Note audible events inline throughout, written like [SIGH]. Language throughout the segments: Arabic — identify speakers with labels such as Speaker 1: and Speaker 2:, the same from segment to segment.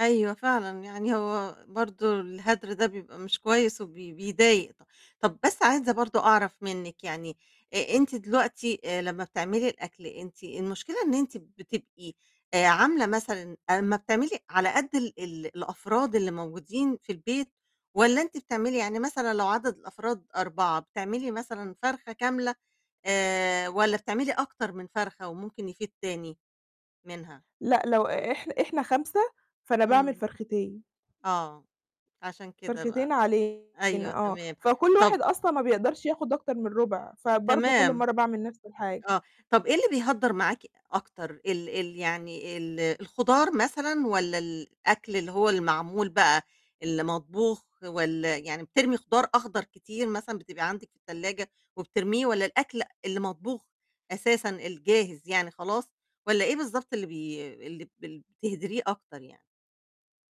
Speaker 1: أيوة فعلًا، يعني هو برضو الهدر ده بيبقى مش كويس وبي بيضايق ط طب بس عايزة برضو أعرف منِك، يعني أ أنتِ دلوقتي، آآ، لمّا بتعملي الأكل، أنتِ المشكلة إن أنتِ بتبقي آآ، عاملة مثلًا أمّا بتعملي على قد ال ال الأفراد اللي موجودين في البيت، والّا أنتِ بتعملي يعني مثلًا لو عدد الأفراد 4 بتعملي مثلًا فرخة كاملة، آآ، والّا بتعملي أكتر من فرخة، وممكن يفيض تاني منها؟
Speaker 2: لأ، لو إح إحنا 5 فأنا باعمل
Speaker 1: إمم.
Speaker 2: فرختين.
Speaker 1: آه، عشان كده بقى.
Speaker 2: فرختين علينا
Speaker 1: أيوة،
Speaker 2: آه.
Speaker 1: تمام.
Speaker 2: فكل
Speaker 1: طب
Speaker 2: واحد أصلًا ما بيقدرش ياخد أكتر من ربع، فبرضه كل
Speaker 1: تمام.
Speaker 2: مرّة باعمل نفس الحاجة.
Speaker 1: آه. طب إيه اللي بيهدّر معاكِ أكتر؟ ال ال يعني ال الخضار مثلًا والّا الأكل اللي هو المعمول بقى، اللي مطبوخ والّا يعني بترمي خضار أخضر كتير مثلًا بتبقى عندِك في التلاجة وبترميه، والّا الأكل اللي مطبوخ أساسًا الجاهز يعني خلاص، والّا إيه بالضبط اللي بي اللي بل بتهدريه أكتر يعني؟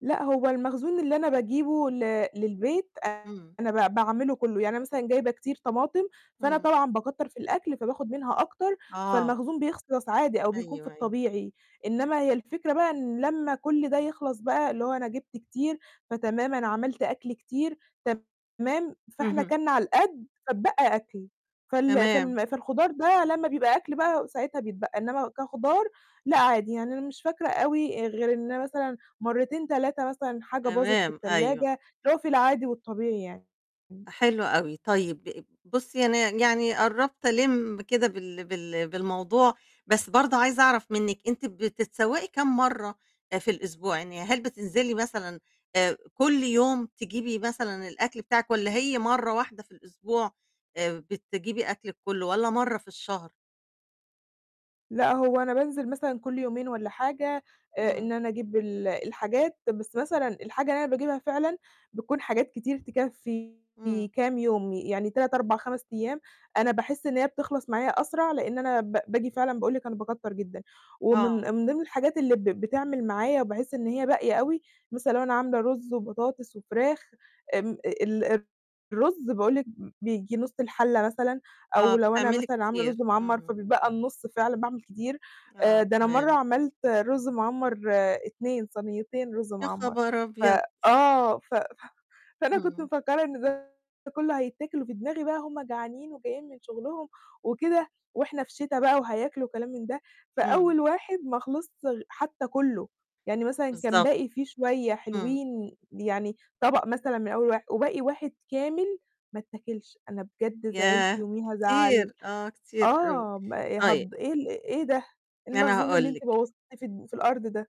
Speaker 2: لأ، هو المخزون اللي أنا باجيبه ل للبيت، آآ
Speaker 1: امم.
Speaker 2: أنا ب باعمله كُلّه، يعني أنا مثلًا جايبة كتير طماطم، فأنا
Speaker 1: امم.
Speaker 2: طبعًا باكتّر في الأكل، فباخد منها أكتر،
Speaker 1: آه.
Speaker 2: فالمخزون بيخلص عادي أو بيكون في
Speaker 1: أيوه، أيوه.
Speaker 2: الطبيعي. إنمّا هي الفكرة بقى إن لمّا كل ده يخلص بقى، اللي هو أنا جِبت كتير، فتمام أنا عملت أكل كتير، تمام فإحنا
Speaker 1: اهم.
Speaker 2: كَلنا على القد، فاتبقى أكل. فال
Speaker 1: تمام.
Speaker 2: فالم فالخضار ده لمّا بيبقى أكل بقى ساعتها بيتبقّى، إنما كخضار لأ، عادي يعني أنا مش فاكرة أوي غير إن أنا مثلًا، مرتين 3 مثلًا حاجة باظت في
Speaker 1: تمام، أيوه.
Speaker 2: التلاجة، اللي هو في العادي والطبيعي يعني. [UNINTELLIGIBLE]
Speaker 1: حلو أوي، طيب بُصّي، أنا ي يعني قربت ألِمّ كده بال بال بالموضوع، بس برضو عايزة أعرف منِك أنتِ بتتسوّقي كام مرّة آآ في الأسبوع؟ يعني هل بتنزلي مثلًا، آآ كل يوم تجيبي مثلًا الأكل بتاعِك، والّا هي مرّة واحدة في الأسبوع، آآ، بتجيبي أكلِك كُلّه، والّا مرّة في الشهر؟
Speaker 2: لأ، هو أنا بانزِل مثلًا كل يومين والّا حاجة، آآ،
Speaker 1: إمم.
Speaker 2: إن أنا أجيب ال الحاجات، بس مثلًا الحاجة اللي أنا باجيبها فعلًا بتكون حاجات كتير تكفّي
Speaker 1: إمم.
Speaker 2: كام يوم، يعني 3،4،5 أيام، أنا باحس إن هي بتخلص معايا أسرع، لإن أنا ب باجي فعلًا باقول لِك أنا باكتّر جدًا.
Speaker 1: آه.
Speaker 2: ومن من ضمن الحاجات اللي ب بتعمل معايا، وبحس إن هي باقية أوي، مثلًا لو أنا عاملة رز وبطاطس وفراخ، آمم، ال الرز باقول لِك ب بييجي نُص الحلة مثلًا،
Speaker 1: آه،
Speaker 2: أو لو أنا
Speaker 1: بتعملي
Speaker 2: مثلًا عاملة
Speaker 1: كتير.
Speaker 2: رز معَمّر،
Speaker 1: اهم.
Speaker 2: فبيتبقى النُص، فعلًا باعمل كتير. آآ،
Speaker 1: آه،
Speaker 2: ده أنا مرّة
Speaker 1: تمام.
Speaker 2: عملت رز معَمّر 2 صنيتين رز
Speaker 1: يا
Speaker 2: معَمّر،
Speaker 1: خبر
Speaker 2: ف
Speaker 1: أبيض!
Speaker 2: آه، ف ف فأنا كنت
Speaker 1: اهم.
Speaker 2: مفكّرة إن ده كُلّه هيتاكل، وفي دماغي بقى هُم جعانين وجايين من شُغلهُم وكده، وإحنا في شتا بقى وهياكلوا وكلام من ده. فأول
Speaker 1: إمم.
Speaker 2: واحد ما خلِصش غ حتى كُلّه، يعني مثلًا، كان
Speaker 1: بالضبط،
Speaker 2: باقي فيه شوية
Speaker 1: امم.
Speaker 2: حلوين، يعني طبق مثلًا من أول واح وباقي 1 كامل ما اتاكِلش. أنا بجد زعِلت
Speaker 1: ياه!
Speaker 2: يوميها زعَلّ
Speaker 1: كتير، آه كتير أوي.
Speaker 2: آه، ما
Speaker 1: طيب
Speaker 2: هض إيه ال إيه ده؟ إيه
Speaker 1: أنا
Speaker 2: المخزون اللي
Speaker 1: هاقول
Speaker 2: أنتِ
Speaker 1: لِك.
Speaker 2: بوّظتيه في الد في الأرض ده؟